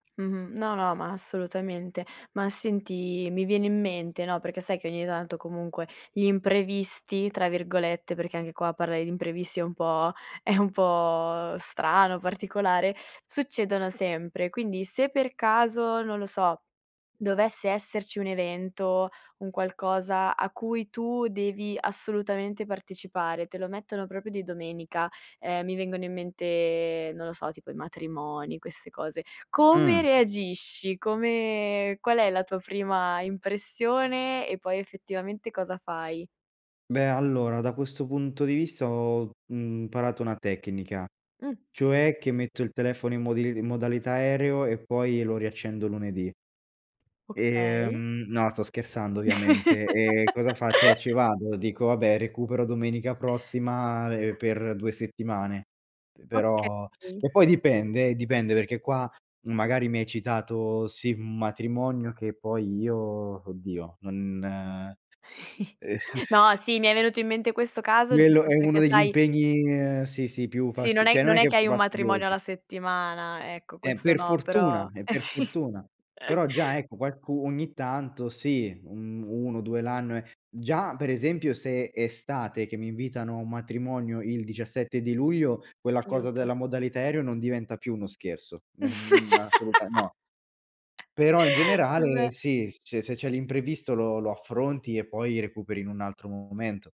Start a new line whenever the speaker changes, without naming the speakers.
Mh-mh. No, no, ma assolutamente. Ma senti, mi viene in mente, no, perché sai che ogni tanto comunque gli imprevisti, tra virgolette -perché anche qua parlare di imprevisti è un po' è un po' strano, particolare succedono sempre. Quindi, se per caso, non lo so, dovesse esserci un evento, un qualcosa a cui tu devi assolutamente partecipare, te lo mettono proprio di domenica. Ehm, mi vengono in mente, non lo so, tipo i matrimoni, queste cose.
Mh.
Come reagisci? Come qual è la tua prima impressione e poi, effettivamente, cosa fai?
Beh, allora, da questo punto di vista, ho, mhmm, parato una tecnica,
Mh.
cioè che metto il telefono in modil in modalità aereo e poi lo riaccendo lunedì. E,
Okay.
mhmm, no, sto scherzando ovviamente. Ehm, cosa faccio? Eh, ci vado, dico: "Vabbè, recupero domenica prossima, ehm, per 2 settimane"; pe però
Okay.
e poi dipende, eh, dipende perché qua, magari, mi hai citato, sì, un matrimonio, che poi io, oddio, non ehm
No, sì, mi è venuto in mente questo caso
Quello
giusto
è uno
perché
degli
sai
impegni ehm, sì, sì più
Sì, non
fasti
è
cioè, non
non
è
è
che
che
più
hai un matrimonio
fastidiosi.
alla settimana, ecco,
Eh,
questo
per
no,
fortuna,
però
e
eh
per
sì.
fortuna. Però già, ecco, qualcu ogni tanto, sì, mhmm, 1-2 l'anno, è già, per esempio, se è estate che mi invitano a un matrimonio il 17 di luglio, quella cosa
Aiuto.
della modalità aereo non diventa più uno scherzo. Ehm, n assoluta no. Però, in generale,
Vabbè.
sì. Se c se c'è l'imprevisto lo lo affronti e poi recuperi in un altro momento.